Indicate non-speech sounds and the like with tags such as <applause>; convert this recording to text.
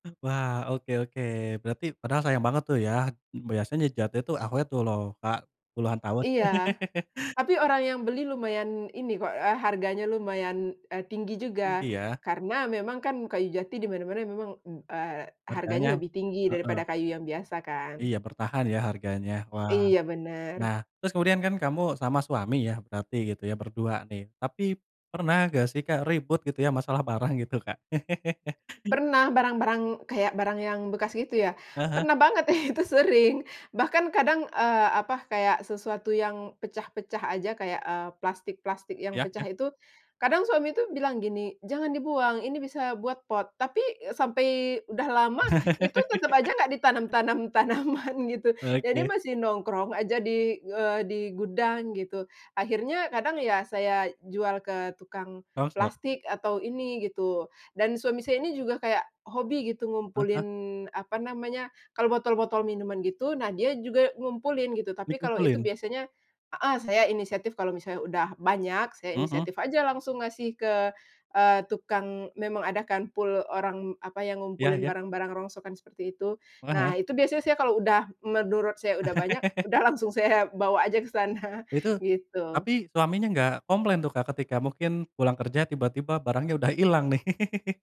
Wah oke oke. Berarti padahal sayang banget tuh ya. Biasanya jati itu awet tuh loh Kak puluhan tahun. Iya <chuckles> tapi orang yang beli lumayan ini kok, eee, harganya lumayan, eee, tinggi juga Iya. karena memang kan kayu jati di mana mana memang, eee, harganya Harganya. lebih tinggi Heeh. daripada kayu yang biasa kan. Iya bertahan ya harganya. Wah. Iya Nah bener. terus kemudian kan kamu sama suami ya berarti gitu ya berdua nih. Tapi pernah gak sih Kak ribut gitu ya masalah barang gitu Kak? <laughs> Pernah barang-barang, kayak barang yang bekas gitu ya? Ah hah. Pernah banget <chuckles> itu sering bahkan, eee, apa kadang sesuatu yang pecah-pecah aja, kayak, eee, plastik-plastik yang Ya pecah ya. itu kadang suami itu bilang gini, "Jangan dibuang, ini bisa buat pot." tapi sampai udah lama itu tetep aja gak ditanam-tanam tanaman <laughs> gitu, jadi Oke. masih nongkrong aja di, eee, di gudang gitu. Akhirnya kadang ya saya jual ke tukang Rongsok. plastik atau ini gitu dan suami saya ini juga kayak hobi gitu Ah ngumpulin hah. apa namanya, kalo botol-botol minuman gitu nah dia juga ngumpulin, tapi kalau itu Dikumpulin? biasanya heeh saya inisiatif kalau udah banyak, saya Mhm. inisiatif aja langsung ngasih ke, eee, tukang memang ada kan pul orang, apa, yang Ya ngumpulin ya. barang-barang rongsokan seperti itu, Heeh heeh. nah itu biasanya saya kalau udah menurut saya udah banyak, udah <laughs> langsung saya bawa aja ke sana, Itu gitu. tapi suaminya gak komplain tuh Kak ketika mungkin pulang kerja tiba-tiba barangnya udah ilang nih? <laughs>